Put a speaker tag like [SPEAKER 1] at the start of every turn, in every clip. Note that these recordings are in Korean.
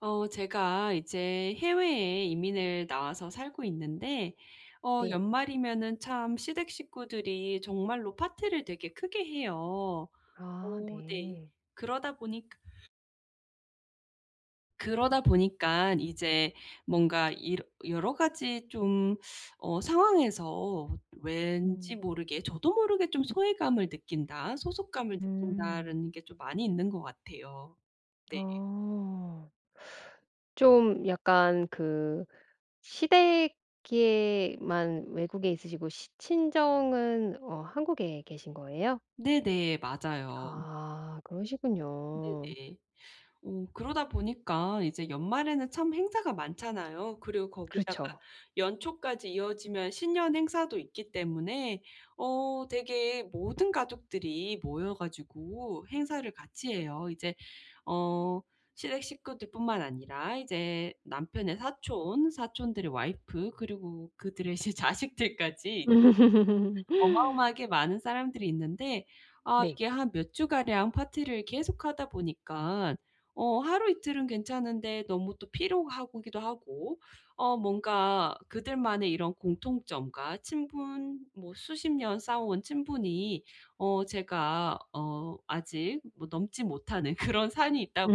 [SPEAKER 1] 어 제가 이제 해외에 이민을 나와서 살고 있는데 어
[SPEAKER 2] 네.
[SPEAKER 1] 연말이면은 참 시댁 식구들이 정말로 파티를 되게 크게 해요.
[SPEAKER 2] 아
[SPEAKER 1] 어 네
[SPEAKER 2] 네.
[SPEAKER 1] 그러다 보니 그러다 보니깐 이제 뭔가 이러 여러 가지 좀 어 상황에서 왠지
[SPEAKER 2] 음.
[SPEAKER 1] 모르게 저도 모르게 좀 ‘소외감을 느낀다. 소속감을
[SPEAKER 2] 음.
[SPEAKER 1] 느낀다.‘라는 게 좀 많이 있는 것 같아요. 네.
[SPEAKER 2] 어. 좀 약간 그 시댁에만 외국에 있으시고 시 친정은 어 한국에 계신 거예요?
[SPEAKER 1] 네네. 맞아요.
[SPEAKER 2] 아 그러시군요.
[SPEAKER 1] 네네. 어 그러다 보니까 이제 연말에는 참 행사가 많잖아요. 그리고 거기다가
[SPEAKER 2] 그렇죠.
[SPEAKER 1] 연초까지 이어지면 신년 행사도 있기 때문에 어 되게 모든 가족들이 모여 가지고 행사를 같이 해요. 이제 어 시댁 식구들뿐만 아니라 이제 남편의 사촌, 사촌들의 와이프 그리고 그들의 시 자식들까지 [unintelligible] 어마어마하게 많은 사람들이 있는데 아
[SPEAKER 2] 네.
[SPEAKER 1] 이게 한 몇 주가량 파티를 계속하다 보니까 어 하루이틀은 괜찮은데 너무 또 피로하고 기도 하고 어 뭔가 그들만의 이런 공통점과 친분, 뭐 수십 년 쌓아온 친분이 어 제가 어 아직 뭐 넘지 못하는 그런 산이 있다 보니까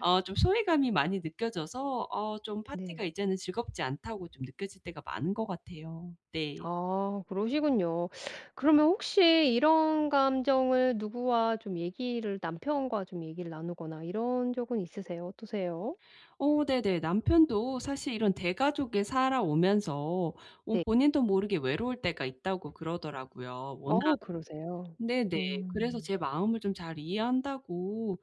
[SPEAKER 1] 어 좀 소외감이 많이 느껴져서 어 좀 ‘파티가
[SPEAKER 2] 네.
[SPEAKER 1] 이제는 즐겁지 않다.‘고 좀 느껴질 때가 많은 것 같아요. 네.
[SPEAKER 2] 아 그러시군요. 그러면 혹시 이런 감정을 누구와 좀 얘기를 남편과 좀 얘기를 나누거나 이런 적은 있으세요? 어떠세요?
[SPEAKER 1] 어 네네. 남편도 사실 이런 대가족에 살아오면서 어
[SPEAKER 2] 네.
[SPEAKER 1] 본인도 모르게 ‘외로울 때가 있다.‘고 그러더라고요. 워낙
[SPEAKER 2] 어 그러세요?
[SPEAKER 1] 네네. 그래서
[SPEAKER 2] 음.
[SPEAKER 1] 제 마음을 좀 ‘잘 이해한다.‘고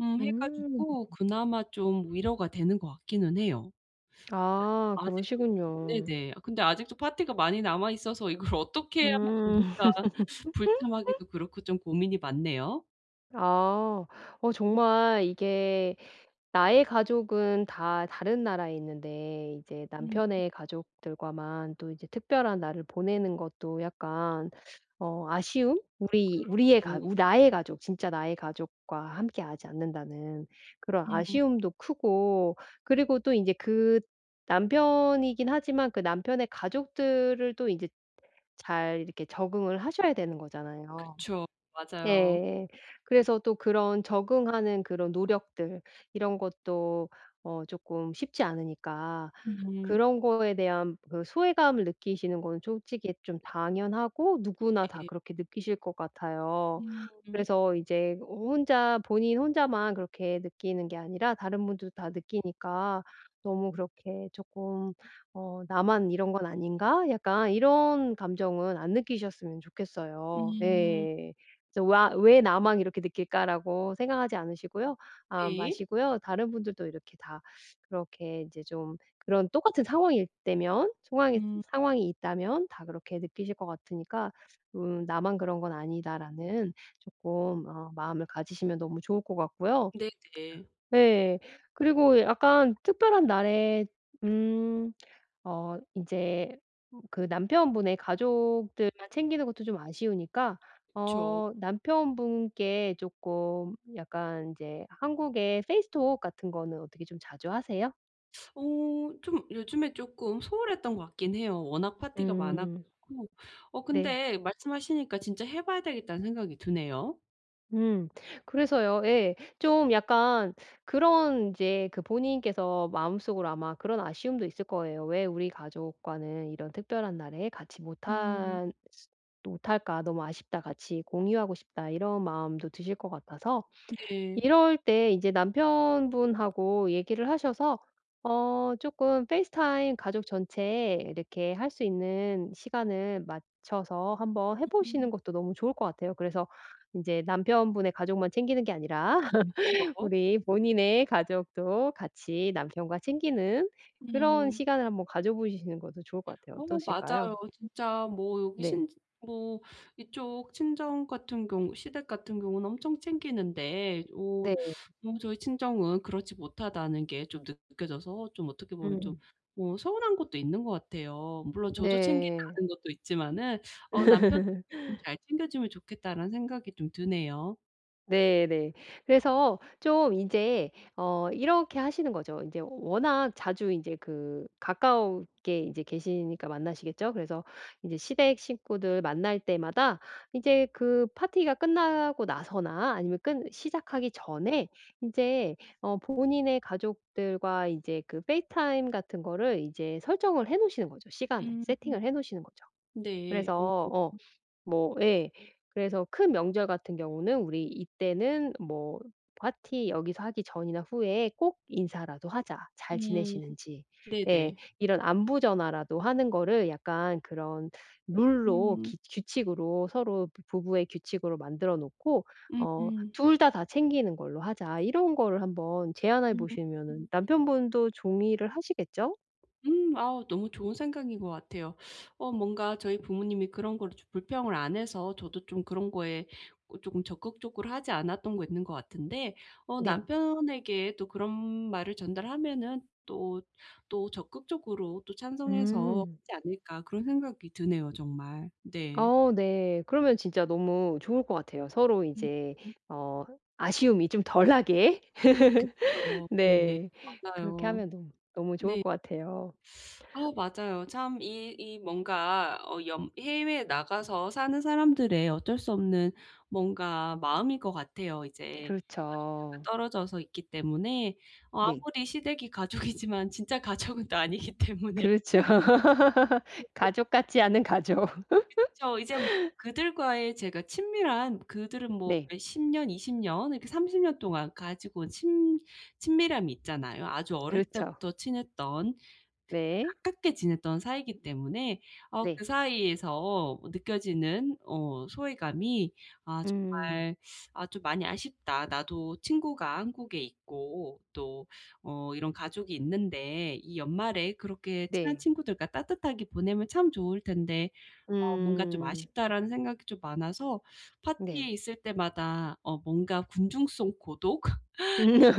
[SPEAKER 1] 음 해
[SPEAKER 2] 음.
[SPEAKER 1] 가지고 그나마 좀 위로가 되는 것 같기는 해요.
[SPEAKER 2] 아
[SPEAKER 1] 근데 아직도
[SPEAKER 2] 그러시군요.
[SPEAKER 1] 네네. 아 근데 아직도 파티가 많이 남아 있어서 ‘이걸 어떻게 해야만
[SPEAKER 2] 음.
[SPEAKER 1] 좋을까.‘ 불참하기도 그렇고 좀 고민이 많네요.
[SPEAKER 2] 아. 어 정말 이게 나의 가족은 다 다른 나라에 있는데 이제
[SPEAKER 1] 음.
[SPEAKER 2] 남편의 가족들과만 또 이제 특별한 날을 보내는 것도 약간 어 아쉬움? 우리
[SPEAKER 1] 그런
[SPEAKER 2] 우리의 가
[SPEAKER 1] 경우
[SPEAKER 2] 우 ‘나의 가족, 진짜 나의 가족과 함께 하지 않는다.‘는 그런
[SPEAKER 1] 에 음.
[SPEAKER 2] 아쉬움도 크고. 그리고 또 이제 그 남편이긴 하지만 그 남편의 가족들을 또 이제 잘 이렇게 적응을 하셔야 되는 거잖아요.
[SPEAKER 1] 그쵸. 맞아요.
[SPEAKER 2] 예. 그래서 또 그런 적응하는 그런 노력들 이런 것도 어 쪼끔 쉽지 않으니까
[SPEAKER 1] 음.
[SPEAKER 2] 그런 거에 대한 그 소외감을 느끼시는 거는 솔직히 좀 당연하고 누구나 다
[SPEAKER 1] 네.
[SPEAKER 2] 그렇게 느끼실 것 같아요.
[SPEAKER 1] 음.
[SPEAKER 2] 그래서 이제 호 혼자, 본인 혼자만 그렇게 느끼는 게 아니라 다른 분들도 다 느끼니까 너무 그렇게 쪼끔 ‘어 나만 이런 건 아닌가?‘ 약간 이런 감정은 안 느끼셨으면 좋겠어요.
[SPEAKER 1] 음.
[SPEAKER 2] 네. 그래서 와 ‘왜 나만 이렇게 느낄까.‘라고 생각하지 않으시고요 아
[SPEAKER 1] 네.
[SPEAKER 2] 마시고요. 다른 분들도 이렇게 다 그렇게 이제 좀 그런 똑같은 상황일 때면 상황이
[SPEAKER 1] 음.
[SPEAKER 2] 상황이 있다면 다 그렇게 느끼실 것 같으니까 음 ‘나만 그런 건 아니다.‘라는 쪼끔 어 마음을 가지시면 너무 좋을 것 같고요.
[SPEAKER 1] 네네.
[SPEAKER 2] 네. 그리고 약간 특별한 날에 음 어 이제 그 남편분의 가족들만 챙기는 것도 좀 아쉬우니까
[SPEAKER 1] 그쵸.
[SPEAKER 2] 어 남편분께 쪼끔 약간 이제 한국의 페이스톡 같은 거는 어떻게 좀 자주 하세요?
[SPEAKER 1] 오 좀 요즘에 조금 소홀했던 것 같긴 해요. 워낙 파티가 많아
[SPEAKER 2] 음.
[SPEAKER 1] 가지고. 어
[SPEAKER 2] 네.
[SPEAKER 1] 근데 말씀하시니까 진짜 '해 봐야 되겠다.'는 생각이 드네요.
[SPEAKER 2] 음 그래서요 예. 좀 약간 그런 인제 그 본인께서 마음속으로 아마 그런 아쉬움도 있을 거예요. '왜 우리 가족과는 이런 특별한 날에 같이
[SPEAKER 1] 음.
[SPEAKER 2] 못한 또 못 할까? 너무 아쉽다. 같이 공유하고 싶다.' 이런 마음도 드실 것 같아서.
[SPEAKER 1] 네.
[SPEAKER 2] 이럴 때 인제 남편분하고 얘기를 하셔서 어 조금 페이스타임 가족 전체 이렇게 할 수 있는 시간을 맞춰서 한번 해
[SPEAKER 1] 음.
[SPEAKER 2] 보시는 것도 너무 좋을 것 같아요. 그래서 인제 남편분의 가족만 챙기는 게 아니라
[SPEAKER 1] 그쵸.
[SPEAKER 2] 우리 본인의 가족도 같이 남편과 챙기는 그런
[SPEAKER 1] 음.
[SPEAKER 2] 시간을 한번 가져 보시는 것도 좋을 것 같아요.
[SPEAKER 1] 어
[SPEAKER 2] 어떠실까요?
[SPEAKER 1] 맞아요. 진짜 뭐 여기
[SPEAKER 2] 네.
[SPEAKER 1] 신지 뭐 이쪽 친정 같은 경우 시댁 같은 경우는 엄청 챙기는데 오
[SPEAKER 2] 네.
[SPEAKER 1] 너무 저희 친정은 그렇지 못하다는 게 좀 느 느껴져서 좀 어떻게 보면 좀
[SPEAKER 2] 음.
[SPEAKER 1] 뭐 서운한 것도 있는 것 같아요. 물론 저도 챙기지
[SPEAKER 2] 네.
[SPEAKER 1] 않은 것도 있지만은. 어 '남편은 잘 챙겨주면 좋겠다.'라는 생각이 좀 드네요.
[SPEAKER 2] 네네. 그래서 좀 인제 어 이렇게 하시는 거죠. 인제 워낙 자주 인제 그 가까웁게 인제 계시니까 만나시겠죠? 그래서 인제 시댁 식구들 만날 때마다 이제 그 파티가 끝나고 나서나 아니면 끝 시작하기 전에 인제 어 본인의 가족들과 이제 그 페이스타임 같은 거를 이제 설정을 해 놓으시는 거죠 시간을.
[SPEAKER 1] 음.
[SPEAKER 2] 세팅을 해 놓으시는 거죠.
[SPEAKER 1] 네. 어
[SPEAKER 2] 그래서
[SPEAKER 1] 음.
[SPEAKER 2] 어 뭐 예. 그래서 큰 명절 같은 경우는 "우리 이때는 뭐 파티 여기서 하기 전이나 후에 꼭 인사라도 하자 잘
[SPEAKER 1] 음.
[SPEAKER 2] 지내시는지." 예.
[SPEAKER 1] 네네.
[SPEAKER 2] 이런 안부 전화라도 하는 거를 약간 그런 룰로
[SPEAKER 1] 음.
[SPEAKER 2] 기 규칙으로 서로 부부의 규칙으로 만들어 놓고 어
[SPEAKER 1] 음.
[SPEAKER 2] "2 다 다 챙기는 걸로 하자." 이런 거를 한번 제안해 보시면은
[SPEAKER 1] 음.
[SPEAKER 2] 남편분도 종이를 하시겠죠?
[SPEAKER 1] 음. 아우 너무 좋은 생각인 것 같아요. 어 뭔가 저희 부모님이 그런 거를 좀 불평을 안 해서 저도 좀 그런 거에 어 쪼끔 적극적으로 하지 않았던 게 있는 것 같은데 어
[SPEAKER 2] 네.
[SPEAKER 1] 남편에게 또 그런 말을 전달하면은 또 또 '적극적으로 또 찬성해서
[SPEAKER 2] 음.
[SPEAKER 1] 하지 않을까?' 그런 생각이 드네요 정말. 네.
[SPEAKER 2] 어 네. 그러면 진짜 너무 좋을 것 같아요. 서로 인제
[SPEAKER 1] 음음.
[SPEAKER 2] 어 아쉬움이 좀 덜 나게.
[SPEAKER 1] 그쵸. 네
[SPEAKER 2] 네. 그렇게
[SPEAKER 1] 맞아요.
[SPEAKER 2] 하면 너무, 너무 좋을
[SPEAKER 1] 네.
[SPEAKER 2] 것 같아요.
[SPEAKER 1] 아우 맞아요. 참 이 이 뭔가 어 연 해외에 나가서 사는 사람들의 어쩔 수 없는 뭔가 마음일 것 같아요 이제 가족들과
[SPEAKER 2] 그렇죠.
[SPEAKER 1] 떨어져서 있기 때문에 어
[SPEAKER 2] 네.
[SPEAKER 1] 아무리 시댁이 가족이지만 진짜 가족은 또 아니기 때문에.
[SPEAKER 2] 그렇죠. 가족
[SPEAKER 1] [unintelligible]
[SPEAKER 2] 같지 않은 가족.
[SPEAKER 1] 그쵸. 이제 뭐 그들과의 제가 친밀한 그들은 뭐
[SPEAKER 2] 네.
[SPEAKER 1] 몇 10 년, 20 년 이렇게 30 년 동안 가지고 온 친 친밀함이 있잖아요. 아주 어렸을
[SPEAKER 2] 그렇죠.
[SPEAKER 1] 때부터 친했던 그
[SPEAKER 2] 네.
[SPEAKER 1] 가깝게 지냈던 사이이기 때문에 어 그
[SPEAKER 2] 네.
[SPEAKER 1] 사이에서 느껴지는 어 소외감이 아
[SPEAKER 2] 음.
[SPEAKER 1] 정말 '아 좀 많이 아쉽다. 나도 친구가 한국에 있고 또 어 이런 가족이 있는데 이 연말에 그렇게 친한
[SPEAKER 2] 네.
[SPEAKER 1] 친구들과 따뜻하게 보내면 참 좋을 텐데. 어 뭔가 좀
[SPEAKER 2] 음.
[SPEAKER 1] 아쉽다.'라는 생각이 좀 많아서
[SPEAKER 2] 네.
[SPEAKER 1] 파티에 있을 때마다 어 뭔가 군중 속 고독이라고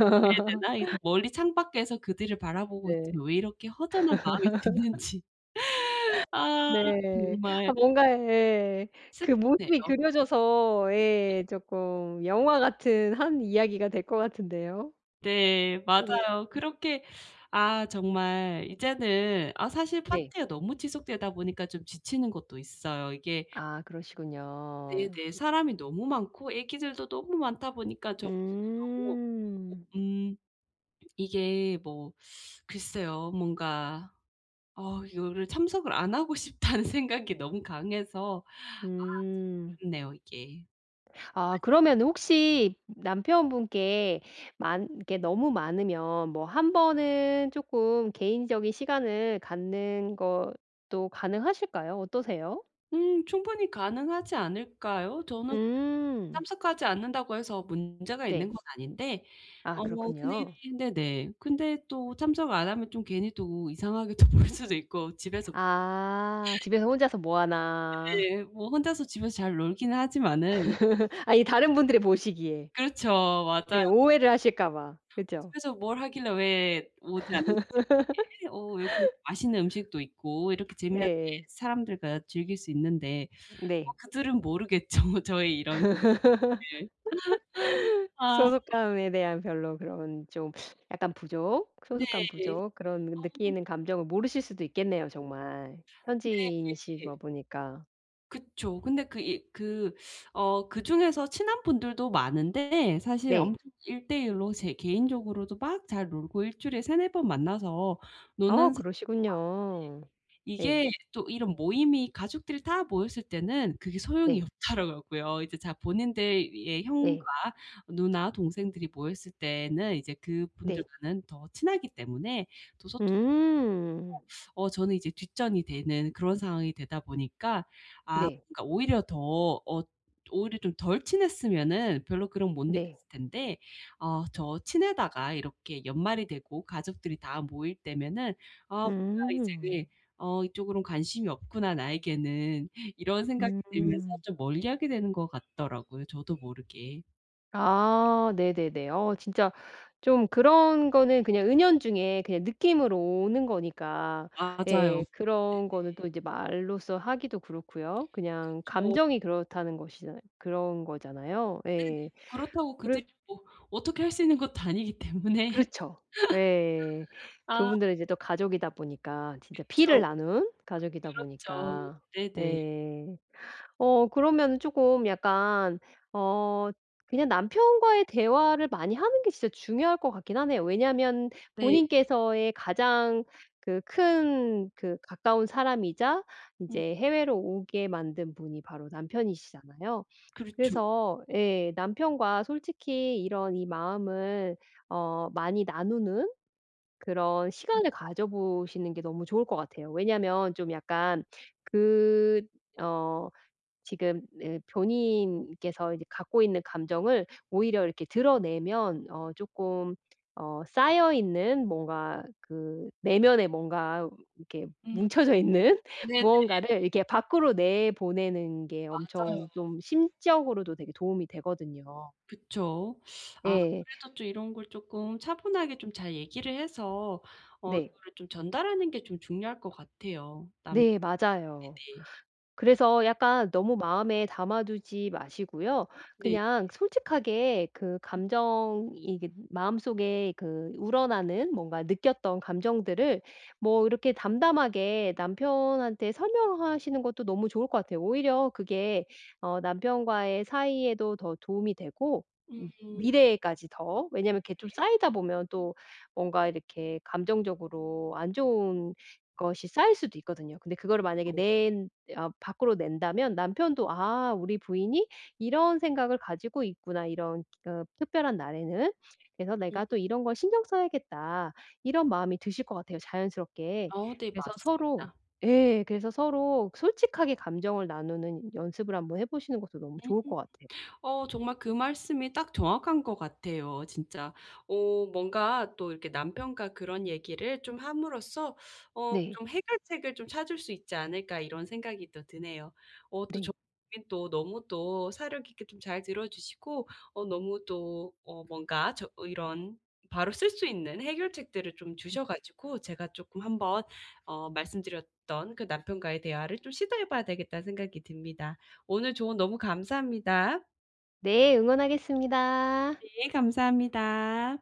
[SPEAKER 1] 해야 되나? 이제 멀리 창밖에서 그들을 바라보고
[SPEAKER 2] 네.
[SPEAKER 1] 있지만 왜 이렇게 허전한 마음이 드는지. 아
[SPEAKER 2] 네. 아
[SPEAKER 1] 정말.
[SPEAKER 2] 뭔가 예 그
[SPEAKER 1] 슬프네요.
[SPEAKER 2] 모습이 그려져서
[SPEAKER 1] 네.
[SPEAKER 2] 예 쪼끔 영화 같은 한 이야기가 될 것 같은데요?
[SPEAKER 1] 네.
[SPEAKER 2] 어 네.
[SPEAKER 1] 맞아요.
[SPEAKER 2] 음.
[SPEAKER 1] 그렇게 아 정말 이제는 아 사실
[SPEAKER 2] 네.
[SPEAKER 1] 파티가 너무 지속되다 보니까 좀 지치는 것도 있어요. 이게
[SPEAKER 2] 아 그러시군요.
[SPEAKER 1] 네네. 사람이 너무 많고 아기들도 너무 많다 보니깐 정신도 너무 없고
[SPEAKER 2] 음.
[SPEAKER 1] 음 이게 뭐 글쎄요. 뭔가 어 이거를 '참석을 안 하고 싶다.'는 생각이 너무 강해서 아
[SPEAKER 2] 음.
[SPEAKER 1] 참 어렵네요 이게.
[SPEAKER 2] 아 그러면은 혹시 남편분께 많 이게 너무 많으면 뭐 1 번은 쪼끔 개인적인 시간을 갖는 것도 가능하실까요? 어떠세요?
[SPEAKER 1] 음 충분히 가능하지 않을까요? 저는
[SPEAKER 2] 음.
[SPEAKER 1] 참석하지 않는다고 해서 문제가 있는
[SPEAKER 2] 네.
[SPEAKER 1] 건 아닌데
[SPEAKER 2] 아
[SPEAKER 1] 어 근데
[SPEAKER 2] 그렇군요.
[SPEAKER 1] 네네. 근데 또 참석을 안 하면 좀 괜히 또 이상하게 또 보일 수도 있고 집에서
[SPEAKER 2] 아
[SPEAKER 1] [unintelligible]
[SPEAKER 2] 집에서 혼자서 뭐 하나?
[SPEAKER 1] 네. 뭐 혼자서 집에서 잘 놀기는 하지만은
[SPEAKER 2] 아니 다른 분들이 보시기에.
[SPEAKER 1] 그렇죠. 맞아요.
[SPEAKER 2] 네. 오해를 하실까봐.
[SPEAKER 1] "어
[SPEAKER 2] 그죠?
[SPEAKER 1] 집에서 뭘 하길래 왜 오지 않는 거지? 이렇게 어 이렇게 맛있는 음식도 있고 이렇게 재미나게
[SPEAKER 2] 네.
[SPEAKER 1] 사람들과 즐길 수 있는데." 뭐
[SPEAKER 2] 네.
[SPEAKER 1] 그들은 모르겠죠 저의 이런 스 을. 아.
[SPEAKER 2] 소속감에 대한 별로 그런 좀 약간 부족
[SPEAKER 1] 네.
[SPEAKER 2] 소속감 부족 그런
[SPEAKER 1] 어
[SPEAKER 2] 느끼는 감정을 모르실 수도 있겠네요 정말.
[SPEAKER 1] 근데 이게
[SPEAKER 2] 현지인이시다 보니까.
[SPEAKER 1] 그쵸. 근데 그 이 그 어 그중에서 친한 분들도 많은데 사실
[SPEAKER 2] 네.
[SPEAKER 1] 엄청 1 대 1 로 제 개인적으로도 막 잘 놀고 1 주일에 3-4 번 만나서
[SPEAKER 2] 아
[SPEAKER 1] 노는 사람도 많은데
[SPEAKER 2] 그러시군요. 네.
[SPEAKER 1] 이게 또 이런 모임이 가족들 다 모였을 때는 그게 소용이
[SPEAKER 2] 네.
[SPEAKER 1] 없더라고 고요. 이제 자 본인들의 형과
[SPEAKER 2] 네.
[SPEAKER 1] 누나 동생들이 모였을 때에는 이제
[SPEAKER 2] 네.
[SPEAKER 1] 그분들과는 더 친하기 때문에 더 소토
[SPEAKER 2] 음.
[SPEAKER 1] 어 저는 이제 뒷전이 되는 그런 상황이 되다 보니까 아
[SPEAKER 2] 네.
[SPEAKER 1] 그러니까 오히려 더 어 오히려 좀 덜 친했으면은 별로 그런 거 못
[SPEAKER 2] 네.
[SPEAKER 1] 느꼈을 텐데 아 저 친하다가 이렇게 연말이 되고 가족들이 다 모일 때면은 아 뭔가 이제 네.
[SPEAKER 2] 음.
[SPEAKER 1] '어 이쪽으로는 관심이 없구나 나에게는.' 이런 생각이 들면서
[SPEAKER 2] 음.
[SPEAKER 1] 좀 멀리하게 되는 것 같더라고요 저도 모르게.
[SPEAKER 2] 아 네네네. 어 진짜 좀 그런 거는 그냥 은연중에 그냥 느낌으로 오는 거니까
[SPEAKER 1] 아 맞아요. 네네.
[SPEAKER 2] 예 그런 거는 또 이제 말로써 하기도 그렇고요. 그냥
[SPEAKER 1] 그쵸.
[SPEAKER 2] 감정이 그렇다는 것이잖아 그런 거잖아요.
[SPEAKER 1] 네네.
[SPEAKER 2] 예.
[SPEAKER 1] 그렇다고
[SPEAKER 2] 그래서
[SPEAKER 1] 그들이 뭐 어떻게 할 수 있는 것도 아니기 때문에
[SPEAKER 2] 그렇죠. 예.
[SPEAKER 1] 아.
[SPEAKER 2] 그분들은 이제 또 가족이다 보니까 진짜 피를
[SPEAKER 1] 그쵸.
[SPEAKER 2] 나눈 가족이다
[SPEAKER 1] 그렇죠.
[SPEAKER 2] 보니까.
[SPEAKER 1] 네네.
[SPEAKER 2] 네. 어 그러면은 조금 약간 어 그냥 남편과의 대화를 많이 하는 게 진짜 중요할 것 같긴 하네요. 왜냐하면
[SPEAKER 1] 네.
[SPEAKER 2] 본인께서의 가장 그 큰 그 가까운 사람이자
[SPEAKER 1] 음.
[SPEAKER 2] 인제 해외로 오게 만든 분이 바로 남편이시잖아요.
[SPEAKER 1] 그렇죠.
[SPEAKER 2] 그래서 예. 남편과 솔직히 이런 이 마음을 어 많이 나누는 그런 시간을 가져보시는 게 너무 좋을 것 같아요. 왜냐하면 좀 약간 그 어 지금 네 어 본인께서 이제 갖고 있는 감정을 오히려 이렇게 드러내면 어 조금 어 쌓여 있는 뭔가 그 내면에 뭔가 이렇게
[SPEAKER 1] 음.
[SPEAKER 2] 뭉쳐져 있는
[SPEAKER 1] 네네.
[SPEAKER 2] 무언가를 이렇게 밖으로 내보내는 게
[SPEAKER 1] 맞아요.
[SPEAKER 2] 엄청 좀 심적으로도 되게 도움이 되거든요.
[SPEAKER 1] 그쵸.
[SPEAKER 2] 예.
[SPEAKER 1] 아무래도 또 이런 걸 쪼끔 차분하게 좀 잘 얘기를 해서 어
[SPEAKER 2] 네.
[SPEAKER 1] 이거를 좀 전달하는 게 좀 중요할 것 같아요. 남
[SPEAKER 2] 네 맞아요.
[SPEAKER 1] 네네.
[SPEAKER 2] 그래서 약간 너무 마음에 담아 두지 마시고요.
[SPEAKER 1] 네네.
[SPEAKER 2] 그냥 솔직하게 그 감정 이게 마음속에 그 우러나는 뭔가 느꼈던 감정들을 뭐 이렇게 담담하게 남편한테 설명하시는 것도 너무 좋을 것 같아요. 오히려 그게 어 남편과의 사이에도 더 도움이 되고 음
[SPEAKER 1] 음.
[SPEAKER 2] 미래에까지 더 왜냐하면 이렇게 좀
[SPEAKER 1] 네.
[SPEAKER 2] 쌓이다 보면 또 뭔가 이렇게 감정적으로 안 좋은 것이 쌓일 수도 있거든요. 근데 그거를 만약에
[SPEAKER 1] 어.
[SPEAKER 2] 낸 아 밖으로 낸다면 남편도 '아 우리 부인이 이런 생각을 가지고 있구나 이런 그 특별한 날에는. 그래서
[SPEAKER 1] 음.
[SPEAKER 2] 내가 또 이런 것 신경 써야겠다.' 이런 마음이 드실 것 같아요 자연스럽게.
[SPEAKER 1] 어 네
[SPEAKER 2] 그래서 서로
[SPEAKER 1] 맞습니다.
[SPEAKER 2] 예. 그래서 서로 솔직하게 감정을 나누는 연습을 한번 해 보시는 것도 너무
[SPEAKER 1] 음.
[SPEAKER 2] 좋을 것 같아요.
[SPEAKER 1] 어 정말 그 말씀이 딱 정확한 것 같아요 진짜. 어 뭔가 또 이렇게 남편과 그런 얘기를 좀 함으로써 어
[SPEAKER 2] 네.
[SPEAKER 1] 좀 '해결책을 좀 찾을 수 있지 않을까.' 이런 생각이 또 드네요. 어 또 저
[SPEAKER 2] 네.
[SPEAKER 1] 인 또 너무 또 사려 깊게 좀 잘 들어 주시고 어 너무 또 어 뭔가 저 이런 바로 쓸 수 있는 해결책들을 좀
[SPEAKER 2] 음.
[SPEAKER 1] 주셔 가지고 제가 쪼끔 한번 어 말씀 드렸던 그 '남편과의 대화를 좀 시도해 봐야 되겠다.'는 생각이 듭니다. 오늘 조언 너무 감사합니다.
[SPEAKER 2] 네 응원하겠습니다.
[SPEAKER 1] 네 감사합니다.